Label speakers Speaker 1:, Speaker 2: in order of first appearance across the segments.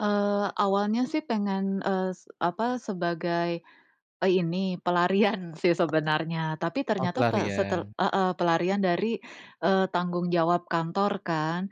Speaker 1: Eee, awalnya sih pengen, eee, s apa, sebagai, eee, ini, pelarian sih sebenarnya. Tapi
Speaker 2: Oh
Speaker 1: ternyata pe setel
Speaker 2: pelarian.
Speaker 1: heeh, pelarian dari, eee, tanggung jawab kantor kan.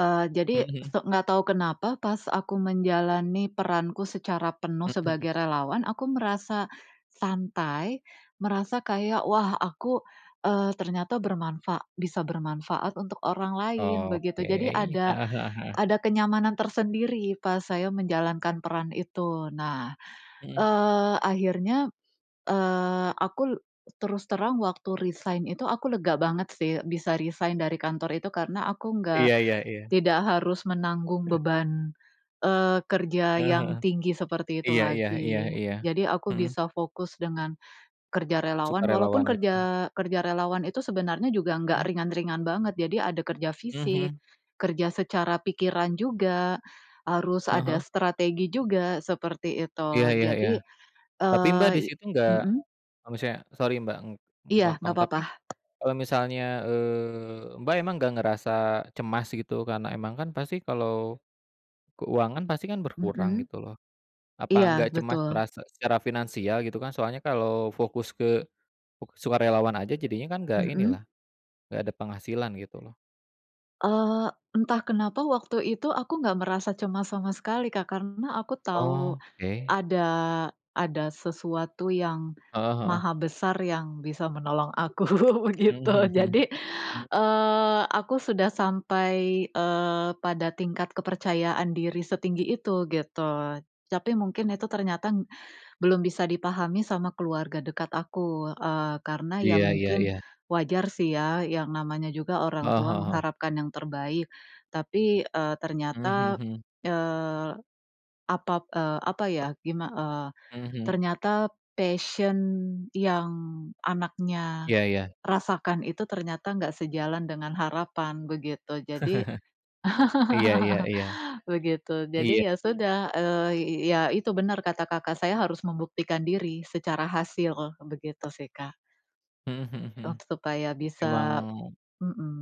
Speaker 1: Eee, jadi
Speaker 2: Mhm.
Speaker 1: so nggak tahu kenapa, pas aku menjalani peranku secara penuh
Speaker 2: Mhm.
Speaker 1: sebagai relawan, aku merasa santai, merasa kayak, wah aku, eee, ternyata bermanfa bisa bermanfaat untuk orang lain, begitu.
Speaker 2: Oke,
Speaker 1: Jadi ada
Speaker 2: heeh heeh heeh.
Speaker 1: ada kenyamanan tersendiri, pas saya menjalankan peran itu. Nah,
Speaker 2: Mhm.
Speaker 1: eee, akhirnya, eee, aku terus terang waktu resign itu aku lega banget sih, bisa resign dari kantor itu, karena aku nggak
Speaker 2: Iya iya iya.
Speaker 1: tidak harus menanggung
Speaker 2: He
Speaker 1: beban, eee, kerja
Speaker 2: Heeh
Speaker 1: yang
Speaker 2: heeh,
Speaker 1: tinggi seperti itu
Speaker 2: iya iya iya
Speaker 1: lagi.
Speaker 2: iya,
Speaker 1: Jadi aku
Speaker 2: mhm.
Speaker 1: bisa fokus dengan, kerja relawan, walaupun
Speaker 2: Sukarelawan itu.
Speaker 1: kerja kerja relawan itu sebenarnya juga nggak
Speaker 2: Mhm.
Speaker 1: ringan-ringan banget. Jadi ada kerja fisik,
Speaker 2: Mhm.
Speaker 1: kerja secara pikiran juga, harus
Speaker 2: Heeh
Speaker 1: ada
Speaker 2: heeh.
Speaker 1: strategi juga, seperti itu,
Speaker 2: Iya iya iya.
Speaker 1: jadi,
Speaker 2: Tapi Mbak
Speaker 1: eee,
Speaker 2: di
Speaker 1: i
Speaker 2: situ enggak
Speaker 1: mhm?
Speaker 2: kalo misalnya sorry Mbak, ng
Speaker 1: Iya,
Speaker 2: potong,
Speaker 1: nggak
Speaker 2: tapi,
Speaker 1: apa-apa.
Speaker 2: eee, misalnya, eee, Mbak emang nggak ngerasa cemas gitu, karena emang kan pasti kalau, keuangan pasti kan berkurang,
Speaker 1: Mhm.
Speaker 2: gitu loh. Apa
Speaker 1: Iya,
Speaker 2: enggak cemas
Speaker 1: betul.
Speaker 2: merasa secara finansial, gitu kan, soalnya kalau fokus ke uk sukarelawan aja, jadinya kan enggak ini
Speaker 1: Mhm.
Speaker 2: lah, nggak ada penghasilan gitu loh?
Speaker 1: Eee, entah kenapa waktu itu aku nggak merasa cemas sama sekali Kak, karena aku tahu
Speaker 2: Oke.
Speaker 1: ada ada sesuatu yang
Speaker 2: Heeh heeh.
Speaker 1: maha besar yang bisa menolong aku
Speaker 2: Mhm
Speaker 1: begitu.
Speaker 2: mhm mhm,
Speaker 1: Jadi,
Speaker 2: mmm?
Speaker 1: eee, aku sudah sampai, eee, pada tingkat kepercayaan diri setinggi itu, gitu. Tapi
Speaker 2: Mmm.
Speaker 1: mungkin itu ternyata, belum bisa dipahami sama keluarga dekat aku. Eee, karena ya
Speaker 2: Iya iya
Speaker 1: mungkin,
Speaker 2: iya.
Speaker 1: wajar sih ya, yang namanya juga orang
Speaker 2: Heeh
Speaker 1: tua
Speaker 2: heeh heeh.
Speaker 1: mengharapkan yang terbaik. Tapi, eee,
Speaker 2: Mmm,
Speaker 1: ternyata,
Speaker 2: mhm.
Speaker 1: eee, apap eee, apa ya, gima eee,
Speaker 2: Mhm.
Speaker 1: ternyata passion yang anaknya
Speaker 2: Iya iya.
Speaker 1: rasakan itu, ternyata enggak sejalan dengan harapan, begitu. Jadi,
Speaker 2: Iya iya iya.
Speaker 1: begitu, jadi
Speaker 2: Iya.
Speaker 1: ya sudah, eee, i i iya itu benar kata Kakak, saya harus membuktikan diri, secara hasil, begitu sih Kak.
Speaker 2: Mhm mhm
Speaker 1: Un
Speaker 2: mhm,
Speaker 1: supaya bisa
Speaker 2: emang
Speaker 1: mhm.